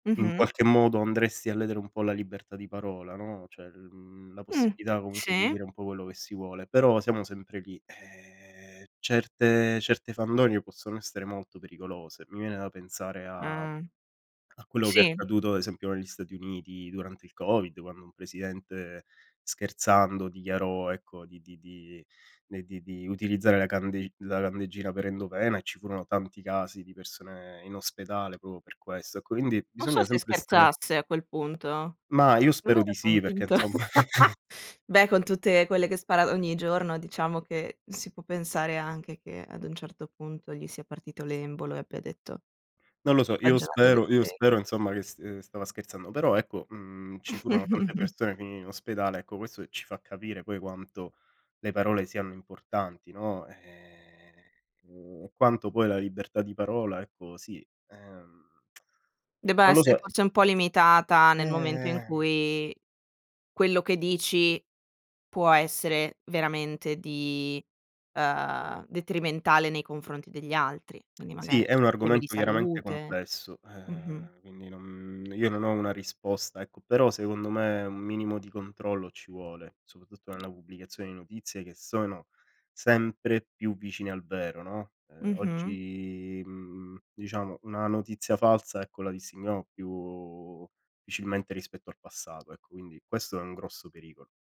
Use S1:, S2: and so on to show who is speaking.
S1: In
S2: Mh-mh.
S1: qualche modo andresti a ledere un po' la libertà di parola, no, cioè l mhmm, la
S2: Mh,
S1: possibilità comunque di
S2: sì.
S1: dire un po' quello che si vuole, però siamo sempre lì, ehm certe certe fandonie possono essere molto pericolose. Mi viene da pensare a
S2: Eh,
S1: a quello che è
S2: sì.
S1: accaduto ad esempio negli Stati Uniti durante il Covid, quando un presidente, scherzando dichiarò ecco, di di di ne di di utilizzare la candeg la candeggina per endovena, e ci furono tanti casi di persone in ospedale proprio per questo. Ecco quindi
S2: Non so
S1: bisogna
S2: se
S1: sempre essere
S2: scherzasse a quel punto.
S1: Ma io
S2: Secondo me
S1: spero di
S2: era
S1: sì perché
S2: convinto.
S1: insomma.
S2: Beh, con tutte quelle che spara ogni giorno, diciamo che, si può pensare anche che ad un certo punto gli sia partito l'embolo e abbia detto
S1: Non lo so, io
S2: baggianata del
S1: spero io
S2: genere.
S1: spero insomma che st ehm, stava scherzando. Però ecco, mhmm, ci furono tante persone, finirono in ospedale, ecco, questo, ehm, ci fa capire poi quanto le parole siano importanti, no, ehm, mhmm, e quanto poi la libertà di parola ecco sì ehm,
S2: Debba
S1: non lo
S2: essere
S1: so.
S2: forse un po' limitata, nel momento in
S1: Ehm.
S2: cui quello che dici, può essere veramente di ehm, detrimentale nei confronti degli altri, quindi magari,
S1: Sì, è un
S2: temi di
S1: argomento chiaramente
S2: salute
S1: complesso,
S2: mh-mh.
S1: ehm, quindi non io non ho una risposta ecco, però secondo me, un minimo di controllo ci vuole, soprattutto nella pubblicazione di notizie, che sono sempre più vicine al vero, no, ehm,
S2: Mh-mh.
S1: oggi, mhmm, diciamo, una notizia falsa ecco la distinguiamo più difficilmente rispetto al passato, ecco quindi, questo è un grosso pericolo.